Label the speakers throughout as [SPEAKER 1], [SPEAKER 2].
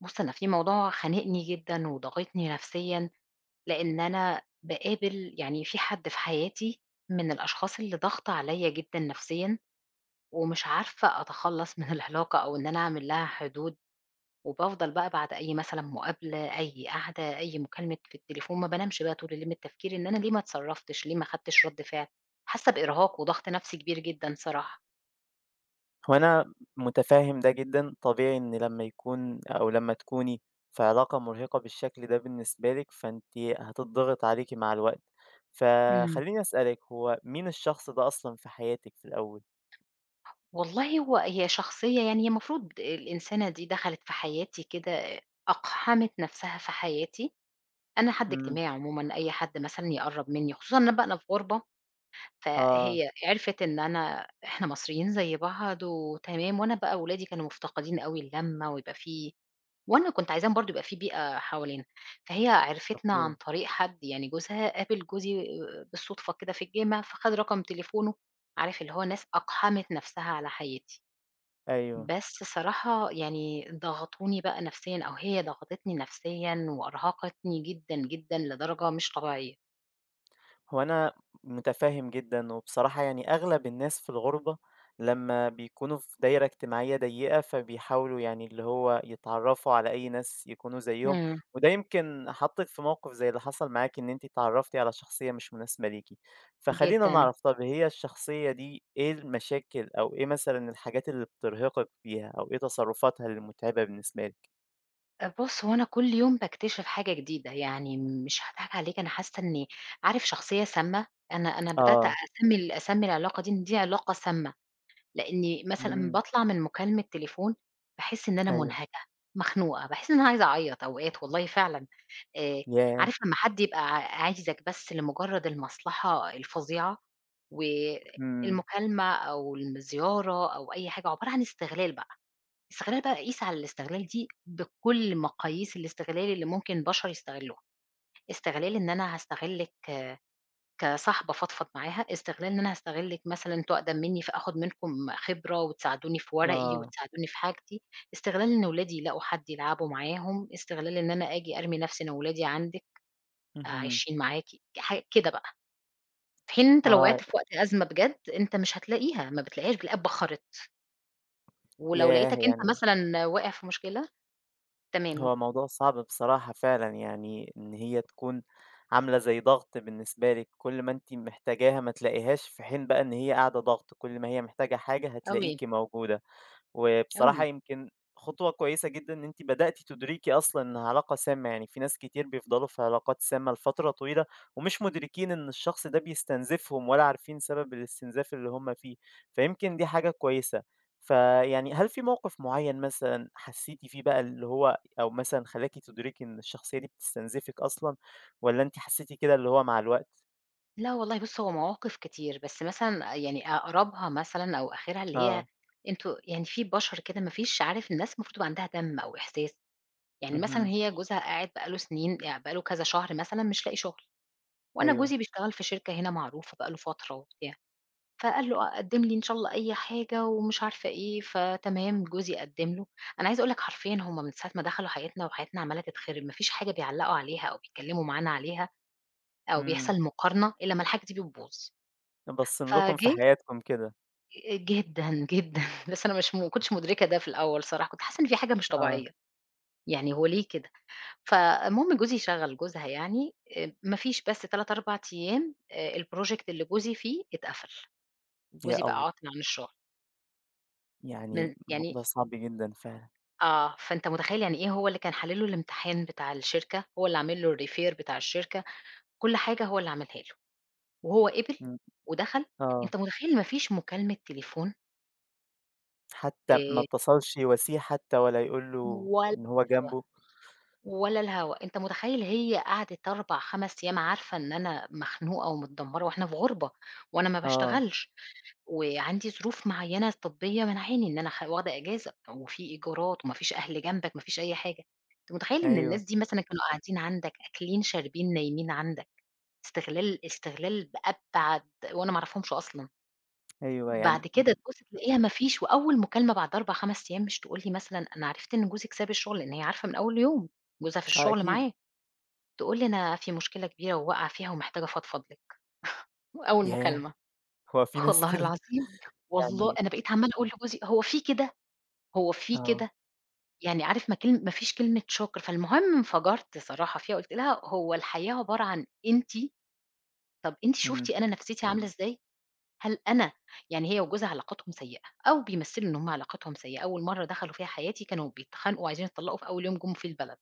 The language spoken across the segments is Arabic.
[SPEAKER 1] بُص، أنا في موضوع خانِقني جدًا وضاغطني نفسيًا، لإن أنا باقابل يعني في حد في حياتي من الأشخاص اللي ضاغطة عليَّ جدًا نفسيًا، ومش عارفة أتخلَّص من العلاقة، أو إن أنا أعمل لها حدود. وبافضل بقى بعد أي مثلًا مقابلة، أي قعدة، أي مكالمة في التليفون، ما بانامِش بقى طول الليل من التفكير، إن أنا ليه ما اتصرَّفتِش، ليه ما أخدتِش رد فعل؟ حاسَّة بإرهاق وضغط نفسي كبير جدًا صراحة.
[SPEAKER 2] هو أنا متفهِّم ده جدًا، طبيعي إن لمَّا يكون أو لمَّا تكوني في علاقة مُرهِقة بالشكل ده بالنسبة لِك، فأنتِ هتتضغَط عليكِ مع الوقت.
[SPEAKER 1] إمم.
[SPEAKER 2] فخلِّيني أسأَلِك، هو مين الشخص ده أصلًا في حياتِك في الأوَّل؟
[SPEAKER 1] والله هو هي شخصية يعني، هي المفروض الإنسانة دي دخَلِت في حياتي كده، أقحَمِت نفسها في حياتي. أنا حد
[SPEAKER 2] إمم.
[SPEAKER 1] اجتماعي عمومًا، أي حد مثلًا يقرَب مِنِّي، خصوصًا أنا بقى في غُربة،
[SPEAKER 2] آه.
[SPEAKER 1] فهي عرفِت إن أنا إحنا مصريِّين زي بعض وتمام. وأنا بقى ولادي كانوا مفتقِدين أوي اللمَّة، ويبقى في وأنا كنت عايزاهم برضه يبقى في بيئة حوالينا. فهي عرِّفِتنا عن
[SPEAKER 2] [unintelligible]
[SPEAKER 1] طريق حد يعني، جوزها قابِل جوزي آآ، بالصدفة كده في الجامع، فخَد رقم تليفونه. عارِف اللي هو ناس أقحَمِت نفسها على حياتي.
[SPEAKER 2] أيوه.
[SPEAKER 1] بس صراحة يعني ضغَطوني بقى نفسيًا، أو هي ضغَطِتني نفسيًا وأرهَقِتني جدًا جدًا لدرجة مش طبيعية.
[SPEAKER 2] هو أنا مُتفهم جدًا، وبصراحة يعني أغلب الناس في الغُربة لمّا بيكونوا في دايرة اجتماعية ضيّقة، فبيحاولوا يعني اللي هو يتعرفوا على أي ناس يكونوا زَيِّهم،
[SPEAKER 1] امم.
[SPEAKER 2] وده يمكن حطِّك في موقف زي اللي حصل معاكِ، إن أنتِ اتعرّفتِ على شخصية مش مُناسبة ليكِ، فخلّينا
[SPEAKER 1] جدًا.
[SPEAKER 2] نعرف، طب هي الشخصية دي إيه المشاكل، أو إيه مثلًا الحاجات اللي بترهقِك فيها، أو إيه تصرُّفاتها اللي مُتعبة بالنسبة لِك؟
[SPEAKER 1] طب بُص هو أنا كُلّ يوم باكتشف حاجة جديدة، يعني مش هاضحك عليك أنا حَاسَّة إني عارف شخصية سامّة؟ أنا أنا بدأت
[SPEAKER 2] آه.
[SPEAKER 1] أسمي ال أسمي العلاقة دي إن دي علاقة سامّة، لإني مثلًا
[SPEAKER 2] امم.
[SPEAKER 1] باطلع من مُكالمة تليفون، باحِسّ إن أنا
[SPEAKER 2] أيوه.
[SPEAKER 1] مُنهكة، مخنوقة، باحِسّ إن أنا عايزة أعيّط أوقات والله فعلًا، آآ
[SPEAKER 2] ياه!
[SPEAKER 1] عارف لمّا حد يبقى ع عايزِك بس لمُجرّد المصلحة الفظيعة،
[SPEAKER 2] امم.
[SPEAKER 1] والمُكالمة أو الزِّيارة أو أي حاجة، عُبارة عن استغلال بقى، استغلال بقى قيس على الاستغلال دي بكُلّ مقاييس الاستغلال اللي ممكن البشر يستغلُّوها، استغلال إن أنا هاستغلِّك كصاحبة أفضفض معاها، استغلال إن أنا هاستغلِّك مثلًا أنتم أقدم مِنِّي فآخُد منكم خِبرة وتساعدوني في ورقي
[SPEAKER 2] آه.
[SPEAKER 1] وتساعدوني في حاجتي، استغلال إن ولادي يلاقوا حد يلعبوا معاهم، استغلال إن أنا أجِي أرمِي نفسي أنا وولادي عندِك، آآ
[SPEAKER 2] اهم.
[SPEAKER 1] عايشين معاكِ حاج كده بقى، في حين إن أنت
[SPEAKER 2] آه
[SPEAKER 1] لو وقعت في
[SPEAKER 2] عا
[SPEAKER 1] وقت أزمة بجد، أنت مش هتلاقيها، ما بتلاقيهاش بتلاقيها اتبخّرت. ولو
[SPEAKER 2] ياه!
[SPEAKER 1] لقيتك أنت
[SPEAKER 2] يعني
[SPEAKER 1] مثلًا واقع في مشكلة تمام.
[SPEAKER 2] هو موضوع صعب بصراحة فعلًا يعني إن هي تكون عاملة زي ضغط بالنسبة لِك، كُلّ ما أنتِ محتاجاها ما تلاقيهاش، في حين بقى إن هي قاعدة ضغط كُلّ ما هي محتاجة حاجة
[SPEAKER 1] أوي.
[SPEAKER 2] هتلاقيكِ موجودة. وبصراحة
[SPEAKER 1] أوي.
[SPEAKER 2] يمكن خُطوة كويسة جدًا إن أنتِ بدأتِ تدركي أصلًا إنها علاقة سامة، يعني في ناس كتير بيفضلوا في علاقات سامة لفترة طويلة ومش مدركين إن الشخص ده بيستنزفهم ولا عارفين سبب الاستنزاف اللي هُم فيه، فيمكن دي حاجة كويسة. فيعني هل في موقف معيّن مثلًا حسيتِ فيه بقى اللي هو أو مثلًا خلاكِ تدركي إن الشخصية دي بتستنزفِك أصلًا، والّا أنتِ حسيتِ كده اللي هو مع الوقت؟
[SPEAKER 1] لا والله بُصّ هو مواقف كتير، بس مثلًا يعني أقربها مثلًا أو آخرها اللي هي
[SPEAKER 2] آه.
[SPEAKER 1] أنتم يعني في بشر كده ما فيش عارف الناس المفروض تبقى عندها دم أو إحساس، يعني مثلًا
[SPEAKER 2] اهم.
[SPEAKER 1] هي جوزها قاعد بقى له سنين بقى له كذا شهر مثلًا مش لاقي شغل، وأنا
[SPEAKER 2] أيوه.
[SPEAKER 1] جوزي بيشتغل في شركة هنا معروفة بقى له فترة وبتاع، فقال له: "أ قدّم لي إن شاء الله أي حاجة" ومش عارفة إيه، فتمام جوزي قدّم له، أنا عايزة أقول لك حرفيًا هُم من ساعة ما دخلوا حياتنا وحياتنا عمالة تتخرب، ما فيش حاجة بيعلقوا عليها أو بيتكلموا معانا عليها. أو
[SPEAKER 2] إمم.
[SPEAKER 1] بيحصل مقارنة إلا ما الحاجة دي بتبوظ،
[SPEAKER 2] باصّين لكم في
[SPEAKER 1] فجِه
[SPEAKER 2] حياتكم كده.
[SPEAKER 1] آآ، جدًا جدًا، بس أنا مش م ما كنتِش مُدركة ده في الأوَّل صراحة، كنت حاسَّة إن في حاجة مش
[SPEAKER 2] آه.
[SPEAKER 1] طبيعيَّة، يعني هو ليه كده؟ فالمهم، جوزي شغَّل جوزها يعني، آآ، ما فيش بس 3، 4 أيَّام، آآ الproject اللي جوزي فيه اتقفَل،
[SPEAKER 2] يا
[SPEAKER 1] وجوزي بقى
[SPEAKER 2] الله!
[SPEAKER 1] عاطل عن الشغل.
[SPEAKER 2] يعني،
[SPEAKER 1] من يعني
[SPEAKER 2] الموضوع صعب جدًا فعلًا.
[SPEAKER 1] آه، فأنتَ متخيِّل يعني، إيه هو اللي كان حالِّل له الامتحان بتاع الشركة، هو اللي عامل له الrefer بتاع الشركة، كل حاجة هو اللي عملها له، وهو قبِل
[SPEAKER 2] امم،
[SPEAKER 1] ودخَل.
[SPEAKER 2] آه.
[SPEAKER 1] أنتَ متخيِّل، ما فيش مكالمة تليفون؟!
[SPEAKER 2] حتى ما
[SPEAKER 1] آآ
[SPEAKER 2] اتصَّلش يواسِيه، حتى ولا يقول له
[SPEAKER 1] ولا
[SPEAKER 2] إن هو
[SPEAKER 1] الهوا،
[SPEAKER 2] جنبه.
[SPEAKER 1] ولا الهوا، أنتَ متخيِّل، هي قعدِت 4،5 أيَّام، عارِفة إن أنا مخنوقة ومتدمّرة، وإحنا في غُربة، وأنا ما
[SPEAKER 2] آه.
[SPEAKER 1] باشتغَلش، وعندي ظروف معيَّنة طبية مانعاني إن أنا أخ واخدة إجازة. طَب وفي إيجارات وما فيش أهل جنبَك، ما فيش أي حاجة. أنتَ متخيّل إن الناس
[SPEAKER 2] أيوه.
[SPEAKER 1] دي مثلًا كانوا قاعدين عندَك، أكِلين، شاربين، نايمين عندِك، استِغلال استِغلال بأبعَد وأنا ما أعرفهمش أصلًا.
[SPEAKER 2] أيوه
[SPEAKER 1] بعد
[SPEAKER 2] يعني أ
[SPEAKER 1] كده تبُصّ تلاقِيها ما فيش، وأوَّل مكالمة بعد 4،5 أيَّام، مش تقول لي مثلًا: "أنا عرفت إن جوزك ساب الشغل،" لأن هي عارِفة من أوَّل يوم، جوزها في
[SPEAKER 2] آه،
[SPEAKER 1] الشغل
[SPEAKER 2] أكيد.
[SPEAKER 1] معاه. تقول لي: "أنا في مشكلة كبيرة وواقعة فيها ومحتاجة أفضفض لِك." وأوَّل
[SPEAKER 2] ياه!
[SPEAKER 1] مكالمة،
[SPEAKER 2] هو في
[SPEAKER 1] خ
[SPEAKER 2] ناس
[SPEAKER 1] والله
[SPEAKER 2] كده؟
[SPEAKER 1] العظيم، والله
[SPEAKER 2] يعني
[SPEAKER 1] أنا بقيت عمَّالة أقول لجوزي: "هو في كده، هو في
[SPEAKER 2] آه.
[SPEAKER 1] كده." يعني عارِف، ما كان ما فيش كلمة شُكر. فالمهم انفجَرت صراحة فيها، قُلت لها: "هو الحياة عبارة عن أنتِ؟" طب أنتِ شُفتِ
[SPEAKER 2] امم.
[SPEAKER 1] أنا نفسيَّتي عاملة إزاي؟ هل أنا يعني هي وجوزها، علاقتهم سيِّئة، أو بيمثِّلوا إن هُم علاقتهم سيِّئة. أوَّل مرَّة دخَلوا في حياتي، كانوا بيتخانِقوا وعايزين يتطلِّقوا في أوَّل يوم جُم في البلد،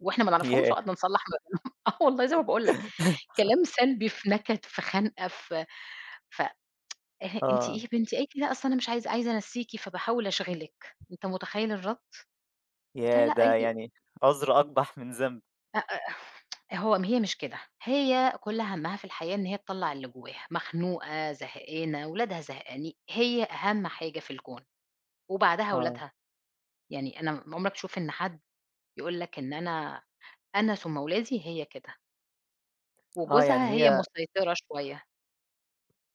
[SPEAKER 1] وإحنا ما نعرفهمش،
[SPEAKER 2] ياه!
[SPEAKER 1] وقعدنا نصلّح ما بينهم. آه والله، زي ما باقول لَك، كلام سلبي، في نكَد، في خنقة، في ف ه أنتِ إيه
[SPEAKER 2] آه.
[SPEAKER 1] يا بنتي؟ قالِت لي: "لأ أصل أنا مش عايزة عايزة أنسِيكِ، فباحاول أشغِلِك." أنت متخيِّل الرد؟ قُلت لها:
[SPEAKER 2] ياه!
[SPEAKER 1] "لأ"،
[SPEAKER 2] ده
[SPEAKER 1] قالِت لي
[SPEAKER 2] يعني، عذر أقبح من ذنب.
[SPEAKER 1] أ أ أه هو م هي مش كده هي كُلّ همّها في الحياة إن هي تطلّع اللي جواها، مخنوقة، زهقانة، ولادها زهقاني هي أهم حاجة في الكون، وبعدها
[SPEAKER 2] آه.
[SPEAKER 1] ولادها، يعني أنا م عُمرك تشوف إن حد يقول لك إن أنا أنا ثُم ولادي؟ هي كده.
[SPEAKER 2] آه،
[SPEAKER 1] وجوزها
[SPEAKER 2] يعني
[SPEAKER 1] هي
[SPEAKER 2] هي
[SPEAKER 1] مُسيطرة شويّة.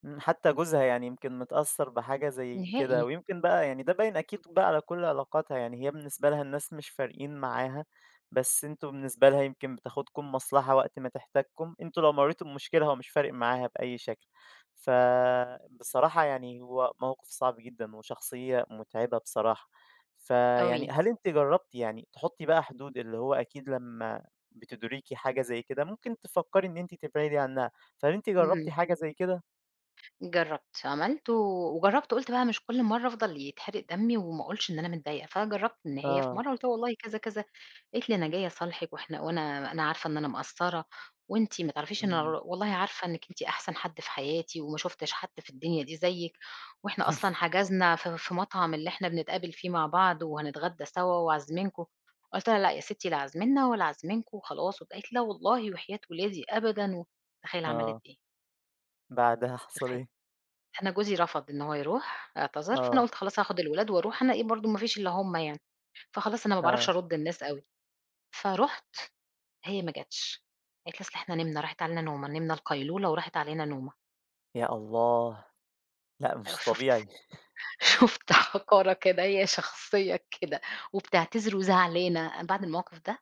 [SPEAKER 2] إمم، حتى جوزها يعني يمكن متأثّر بحاجة زي كده،
[SPEAKER 1] نهائي.
[SPEAKER 2] ويمكن بقى يعني ده باين أكيد بقى على كل علاقاتها، يعني هي بالنسبة لها الناس مش فارقين معاها، بس أنتم بالنسبة لها يمكن بتاخدكم مصلحة وقت ما تحتاجكم، أنتم لو مرّيتوا بمشكلة هو مش فارق معاها بأي شكل، فبصراحة يعني هو موقف صعب جدًا، وشخصية مُتعِبة بصراحة، فيعني
[SPEAKER 1] أوي.
[SPEAKER 2] هل أنتِ جرّبتِ يعني تحُطّي بقى حدود، اللي هو أكيد لمّا بتُدركي حاجة زي كده ممكن تفكّري إن أنتِ تبعدي عنّها، فهل أنتِ جرّبتِ
[SPEAKER 1] إمم.
[SPEAKER 2] حاجة زي كده؟
[SPEAKER 1] جرّبت، عملت و وجرّبت وقُلت بقى مش كل مرّة أفضل يتحرِق دمّي وما اقولش إن أنا متضايقة، فأنا جرّبت إن هي في
[SPEAKER 2] آه.
[SPEAKER 1] مرّة، قُلت لها والله كذا، كذا قالت لي أنا جاية أصالحِك وإحنا وأنا أنا عارفة إن أنا مقصّرة، وأنتِ ما تعرفيش أنا
[SPEAKER 2] إمم.
[SPEAKER 1] ر والله عارفة إنِّك أنتِ أحسن حد في حياتي وما شوفتِش حد في الدنيا دي زيِّك، وإحنا أصلًا حَجَزنا في في مطعم اللي إحنا بنتقابل فيه مع بعض، وهنتغدّى سوا وعازمينكم قُلت لها لأ يا ستي لا عازمنّا ولا عازمينكم وخلاص وات قالت لي لا والله وحياة ولادي أبدًا، وتخيّل عَملِت
[SPEAKER 2] آه.
[SPEAKER 1] إيه؟
[SPEAKER 2] بعدها حصل
[SPEAKER 1] [unintelligible]
[SPEAKER 2] إيه؟
[SPEAKER 1] أنا جوزي رفض إن هو يروح، اعتذر، فأنا
[SPEAKER 2] آه.
[SPEAKER 1] قُلت خلاص هاخد الولاد وأروح أنا إيه برضو ما فيش إلا هُم يعني، فخلاص أنا ما باعرفش
[SPEAKER 2] آه.
[SPEAKER 1] أَرُد النّاس أوي، فرُحت هي ما جاتش، قالت لي: "أصل إحنا نِمنا، راحت علينا نومة، نِمنا القيلولة وراحت علينا نومة".
[SPEAKER 2] يا الله! لأ
[SPEAKER 1] آآ،
[SPEAKER 2] مش
[SPEAKER 1] شُفت!
[SPEAKER 2] طبيعي.
[SPEAKER 1] شُفت حقارة كده، هي شخصية كده! وبتعتذر وزعلانة، أنا بعد الموقف ده ما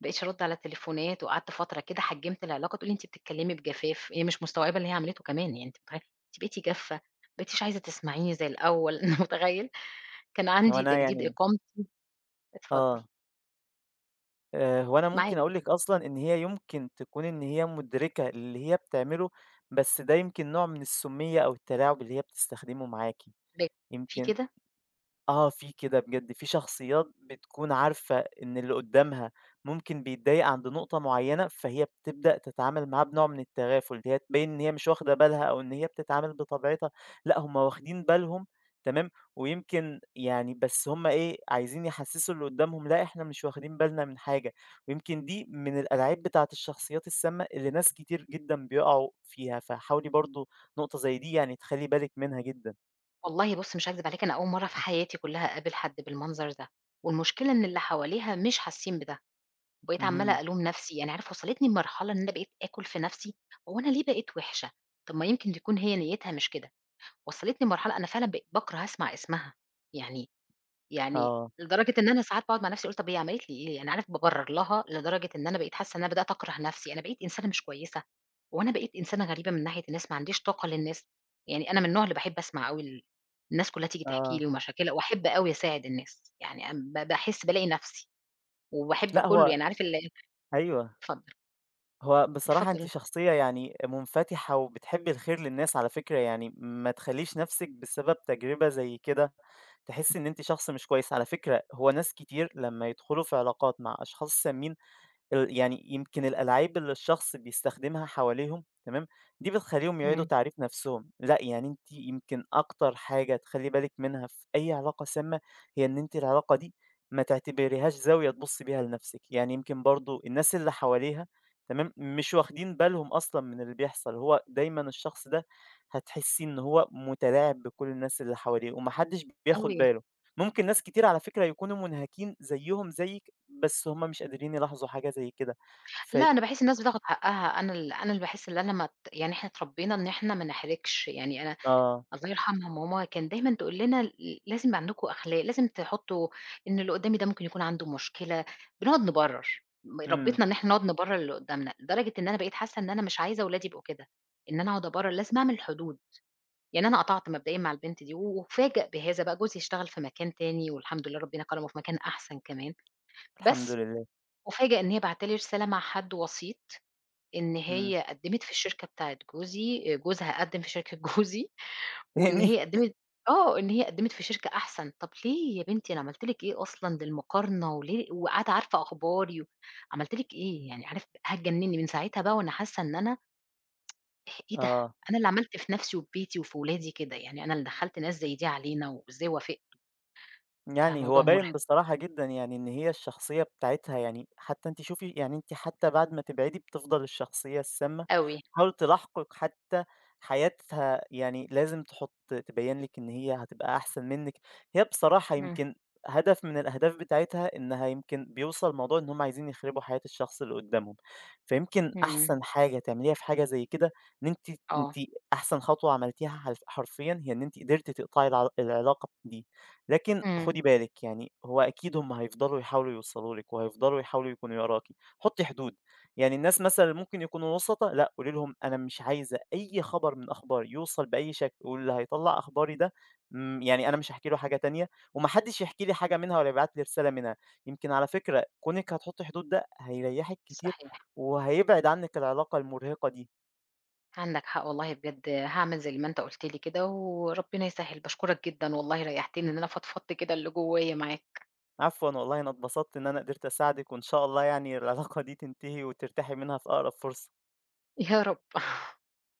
[SPEAKER 1] بقيتش أَرُد على تليفونات وقعدت فترة كده حجِّمت العلاقة، تقول لي: "أنتِ بتتكلمي بجفاف"، إيه مش مستوعبة اللي هي عملِته كمان، يعني أنت متخيل! "أنتِ بقيتِ جافة، ما بقيتيش عايزة تسمعيني زي الأول"، متخيل! كان
[SPEAKER 2] هو
[SPEAKER 1] عندي
[SPEAKER 2] أنا
[SPEAKER 1] تجديد
[SPEAKER 2] يعني
[SPEAKER 1] إقامتي اتفضل.
[SPEAKER 2] آه. آآ، هو أنا
[SPEAKER 1] معاك.
[SPEAKER 2] ممكن أقول
[SPEAKER 1] [unintelligible]
[SPEAKER 2] لِك أصلًا إن هي يُمكِن تكون إن هي مدرِكة اللي هي بتعمله، بس ده يمكن نوع من السُّمِّيَّة أو التلاعُب اللي هي بتستخدمه معاكِ.
[SPEAKER 1] ب في
[SPEAKER 2] يمكن
[SPEAKER 1] كده؟
[SPEAKER 2] آه في كده بجد، في شخصيات بتكون عارفة إن اللي قدَّامها ممكن بيتضايق عند نقطة معيّنة، فهي بتبدأ تتعامل معاه بنوع من التغافُل، إن هي تبيّن إن هي مش واخدة بالها، أو إن هي بتتعامل بطبيعتها، لأ هُم واخدين بالهم، تمام، ويمكن يعني بس هُم إيه، عايزين يحسسوا اللي قدّامهم لأ إحنا مش واخدين بالنا من حاجة. ويمكن دي من الألاعيب بتاعة الشخصيات السامّة اللي ناس كتير جدًا بيقعوا فيها، فحاولي برضو نقطة زي دي يعني تخلِّي بالِك منها جدًا.
[SPEAKER 1] والله بُصّ مش هاكذب عليك، أنا أول مرّه في حياتي كُلّها أقابل حد بالمنظر ده، والمشكلة إن اللي حواليها مش حاسين بده، وبقيت عمّالة
[SPEAKER 2] اهم.
[SPEAKER 1] ألوم نفسي يعني عارف وصّلتني لمرحلة إن أنا بقيت آكُل في نفسي، هو أنا ليه بقيت وحشة، طَب ما يمكن تكون هي نيتها مش كده، وصّلتني لمرحلة أنا فعلًا ب باكره أسمع اسمها، يعني يعني
[SPEAKER 2] آه.
[SPEAKER 1] لدرجة إن أنا ساعات باقعد مع نفسي واقول طَب هي عملت لي إيه؟ يعني عارف بابرّر لها لدرجة إن أنا بقيت حاسة إن أنا بدأت أكره نفسي، أنا بقيت إنسانة مش كويسة؟ هو أنا بقيت إنسانة غريبة من ناحية الناس ما عنديش طاقة للناس؟ يعني أنا من النوع اللي باحب أسمع أوي ال الناس كُلّها تيجي تحكي
[SPEAKER 2] آه.
[SPEAKER 1] لي ومشاكلها وأحب أوي أساعد الناس يعني، اب با باحس بالاقي نفسي، وباحب
[SPEAKER 2] لأ،
[SPEAKER 1] كُلُّه
[SPEAKER 2] هو
[SPEAKER 1] يعني عارف ال
[SPEAKER 2] أيوه.
[SPEAKER 1] اتفضّل.
[SPEAKER 2] هو بصراحة أنتِ
[SPEAKER 1] اتفضل.
[SPEAKER 2] شخصية يعني منفتحة، وبتحبي الخير للناس على فكرة يعني ما تخلّيش نَفسِك بسبب تجربة زي كده، تحسي إن أنتِ شخص مش كويس على فكرة هو ناس كتير لمّا يدخلوا في علاقات مع أشخاص سامين ال يعني يمكن الألاعيب اللي الشخص بيستخدمها حواليهم، تمام؟ دي بتخلّيهم يعيدوا
[SPEAKER 1] إمم.
[SPEAKER 2] تعريف نفسُهم، لأ، يعني أنتِ يمكن أكتر حاجة تخلي بالك منها في أي علاقة سامة، هي إن أنتِ العلاقة دي ما تعتبريهاش زاوية تبُصّي بيها لنفسِك، يعني يمكن برضه الناس اللي حواليها، تمام؟ مش واخدين بالهم أصلًا من اللي بيحصل، هو دايمًا الشخص ده هتحسيه إن هو متلاعب بكل الناس اللي حواليه، وما حدش بياخد
[SPEAKER 1] أوي.
[SPEAKER 2] باله، ممكن ناس كتير على فكرة يكونوا منهَكين زيُهم زيِّك، بس هم مش قادرين يلاحظوا حاجة زي كده، ف
[SPEAKER 1] لا، أنا باحس الناس بتاخد حقها أنا ال أنا اللي باحس اللي أنا مت يعني إحنا اتربينا إن إحنا ما نحرِجش، يعني أنا
[SPEAKER 2] آه.
[SPEAKER 1] الله يرحمها ماما كان دايمًا تقول لنا ل لازم عندكم أخلاق، لازم تحُطّوا إن اللي قُدّامي ده ممكن يكون عنده مشكلة، بنقعد نبرّر، م
[SPEAKER 2] إمم.
[SPEAKER 1] ربِّتنا إن إحنا نقعد نبرّر للي قُدّامنا، لدرجة إن أنا بقيت حاسة إن أنا مش عايزة ولادي يبقوا كده، إن أنا أقعد أبرّر، لازم أعمل حدود، يعني أنا قَطَعت مبدئيًا مع البنت دي، وأُفاجَأ بهذا بقى، جوزي اشتغل في مكان تاني والحمد لله ربنا كرمُه في مكان أحسن كمان،
[SPEAKER 2] الحمد
[SPEAKER 1] بس
[SPEAKER 2] لله.
[SPEAKER 1] أُفاجَأ إن هي باعتة لي رسالة مع حد وسيط، إن
[SPEAKER 2] إمم.
[SPEAKER 1] هي قدّمِت في الشركة بتاعة جوزي، جوزها قدِّم في شركة جوزي، وإن
[SPEAKER 2] تاني؟
[SPEAKER 1] هي قدّمِت آه، إن هي قدِّمِت في شركة أحسن، طَب ليه يا بنتي أنا عملت لِك إيه أصلًا للمقارنة؟ وليه وقاعدة عارفة أخباري و عملت لِك إيه يعني؟ عارف هتجنِّني من ساعتها بقى وأنا حاسة إن أنا إي إيه ده؟
[SPEAKER 2] آه.
[SPEAKER 1] أنا اللي عملت في نَفْسي وفي بيتي وفي ولادي كده، يعني أنا اللي دخّلت ناس زي دي علينا وإزاي وافقت!
[SPEAKER 2] يعني هو
[SPEAKER 1] فموضوع
[SPEAKER 2] باين
[SPEAKER 1] مُرهِق.
[SPEAKER 2] بصراحة جدًا يعني إن هي الشخصية بتاعتها يعني حتى أنتِ شوفي يعني أنتِ حتى بعد ما تبعدي بتفضَل الشخصية السامة
[SPEAKER 1] أوي.
[SPEAKER 2] تحاول تلاحقِك، حتى حياتها يعني لازم تحُطّ تبيِّن لِك إن هي هتبقى أحسن منِّك، هي بصراحة
[SPEAKER 1] امم.
[SPEAKER 2] يمكن هدف من الأهداف بتاعتها إنها يمكن بيوصل الموضوع إن هم عايزين يخربوا حياة الشخص اللي قدَّامهم، فيمكن
[SPEAKER 1] امم.
[SPEAKER 2] أحسن حاجة تعمليها في حاجة زي كده، إن أنتِ ت أنتِ
[SPEAKER 1] آه.
[SPEAKER 2] أحسن خطوة عملتيها حلف حرفيًا هي إن أنتِ قدرتِ تِقطَعي العلا العلاقة دي، لكن
[SPEAKER 1] امم.
[SPEAKER 2] خدي بالك يعني هو أكيد هم هيفضلوا يحاولوا يوصلوا لِك، وهيفضلوا يحاولوا يكونوا وراكِ، حُطّي حدود، يعني الناس مثلًا اللي ممكن يكونوا وُسَطا، لأ قولي لهم أنا مش عايزة أي خبر من أخباري يوصل بأي شكل، واللي هيطَلّع أخباري ده، امم، يعني أنا مش هاحكي له حاجة تانية، وما حدش يحكي لي حاجة منها، ولا يبعت لي رسالة منها، يمكن على فكرة كونِك هتحُطّي حدود ده هيرَيحك كتير،
[SPEAKER 1] صحيح.
[SPEAKER 2] وهيبعد عنِّك العلاقة المرهقِة دي.
[SPEAKER 1] عندك حق والله بجد، هاعمل زي ما أنت قُلت لي كده وربنا يسَهّل، باشكرك جدًا والله ريحتني إن أنا فضفضت كده اللي جوايا معاك.
[SPEAKER 2] عفوًا والله أنا اتبسطت إن أنا قدرت أساعدِك، وإن شاء الله يعني العلاقة دي تنتهي وترتاحي منها في أقرب فرصة.
[SPEAKER 1] يا رب.